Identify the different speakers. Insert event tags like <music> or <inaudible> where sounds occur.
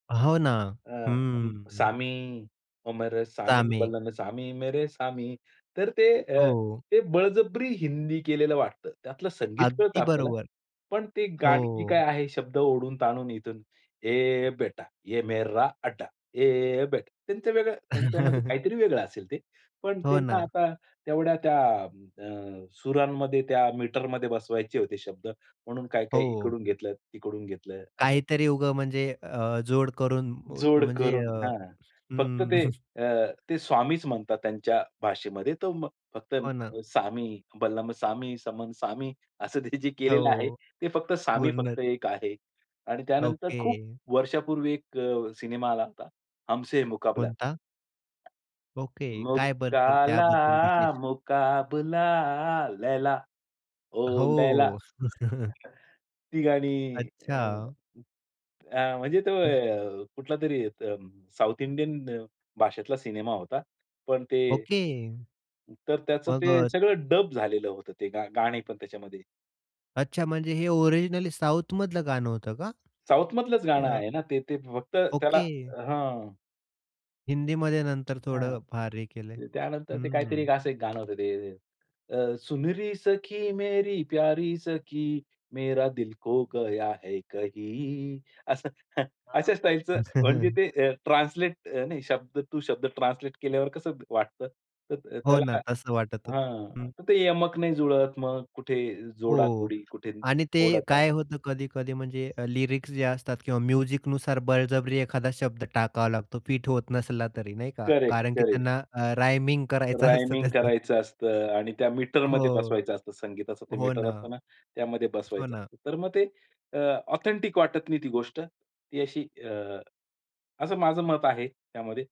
Speaker 1: हो ना. हं,
Speaker 2: अ,
Speaker 1: हं.
Speaker 2: सामी ओ मेरे सामी
Speaker 1: सामी.
Speaker 2: बलम सामी मेरे सामी तर ते अ,
Speaker 1: हो.
Speaker 2: बळजबरी हिंदी केलेलं वाटतं. त्यातलं संगीत कळतं
Speaker 1: अगदी
Speaker 2: आपल्याला.
Speaker 1: बरोबर.
Speaker 2: पण ती गाणी जी
Speaker 1: हो.
Speaker 2: काही आहे शब्द ओढून-ताणून इथून ये बेटा, ये मेरा अड्डा, ये बेटा. त्यांचं वेगळं त्यांच्यामध्ये
Speaker 1: <chuckles>
Speaker 2: काहीतरी वेगळं असेल ते. पण
Speaker 1: हो
Speaker 2: त्यांना
Speaker 1: ना.
Speaker 2: आता तेवढ्या त्या अ, सुरांमध्ये त्या मीटरमध्ये बसवायचे होते शब्द म्हणून
Speaker 1: हो,
Speaker 2: काही-काही
Speaker 1: हो.
Speaker 2: इकडून घेतलं, तिकडून घेतलं असं.
Speaker 1: काहीतरी उग म्हणजे अ, जोड करून
Speaker 2: जोड
Speaker 1: म्हणजे
Speaker 2: करून,
Speaker 1: अ,
Speaker 2: हां. फक्त
Speaker 1: हं.
Speaker 2: ते
Speaker 1: <chuckles>
Speaker 2: अ, ते स्वामीच म्हणतात त्यांच्या भाषेमध्ये तो म फक्त
Speaker 1: हो ना.
Speaker 2: सामी, बलम सामी, समन सामी असं ते जे
Speaker 1: हो,
Speaker 2: केलेलं आहे.
Speaker 1: हो.
Speaker 2: ते फक्त सामी
Speaker 1: पूर्ण.
Speaker 2: फक्त एक आहे आणि त्यानंतर खूप
Speaker 1: ओके.
Speaker 2: वर्षापूर्वी एक अ, सिनेमा आला होता, हमसे है मुकाबला.
Speaker 1: कोणता? ओके. काय बद्दल
Speaker 2: मुकाला,
Speaker 1: त्याबद्दल विशेष?
Speaker 2: मुकाबला लैला, ओ लैला.
Speaker 1: हो. <chuckles>
Speaker 2: <chuckles> ती गाणी अ,
Speaker 1: अच्छा!
Speaker 2: अ, म्हणजे तो
Speaker 1: हं.
Speaker 2: अ, कुठलातरी साउथ इंडियन भाषेतला सिनेमा होता. पण ते.
Speaker 1: ओके.
Speaker 2: तर त्याचं
Speaker 1: मग
Speaker 2: ते
Speaker 1: अ
Speaker 2: सगळं डब झालेलं होतं ते गाणी पण त्याच्यामध्ये.
Speaker 1: अच्छा म्हणजे हे ओरिजिनली साउथ मधलं गाणं होतं का?
Speaker 2: साउथमधलंच गाणं
Speaker 1: अ
Speaker 2: आहे ना ते. ते फक्त त्याला
Speaker 1: ओके.
Speaker 2: हं.
Speaker 1: हिंदीमध्ये नंतर
Speaker 2: हं.
Speaker 1: थोडं फार हे केलंय.
Speaker 2: त्यानंतर ते काहीतरी
Speaker 1: हम्म.
Speaker 2: असं एक गाणं होतं ते अ, सुनरी सखी मेरी प्यारी सखी मेरा दिल खो गया है कही असं.
Speaker 1: हां, हां.
Speaker 2: अशा स्टाईलचं म्हणजे ते
Speaker 1: <chuckles>
Speaker 2: अ, ट्रान्सलेट नाही शब्द टू शब्द ट्रान्सलेट केल्यावर कसं वाटतं. तर
Speaker 1: हो ना.
Speaker 2: त्याला
Speaker 1: तसं वाटत होतं.
Speaker 2: हां
Speaker 1: हं.
Speaker 2: तर ते यमक नाही जुळत मग कुठे
Speaker 1: हो, हो.
Speaker 2: जोडा-कोडी, कुठे
Speaker 1: आणि ते
Speaker 2: ओढाताण.
Speaker 1: काय होतं कधी-कधी म्हणजे लिरिक्स जे असतात किंवा म्युझिकनुसार बळजबरी एखादा शब्द टाकावा लागतो फिट होत नसला तरी नाही का.
Speaker 2: करेक्ट,
Speaker 1: कारण की
Speaker 2: करेक्ट.
Speaker 1: त्यांना अ, रायमिंग करायचं असतं
Speaker 2: रायमिंग
Speaker 1: त्याचं.
Speaker 2: करायचं असतं आणि त्या मीटरमध्ये
Speaker 1: हो.
Speaker 2: बसवायचं असतं. संगीताचं ते
Speaker 1: हो
Speaker 2: मीटर
Speaker 1: ना.
Speaker 2: असत ना त्यामध्ये
Speaker 1: हो
Speaker 2: बसवायचं
Speaker 1: ना.
Speaker 2: असतं. तर मग ते अ, ऑथेंटिक वाटत नाही ती गोष्ट ती अशी अ, असं माझं मत आहे त्यामध्ये.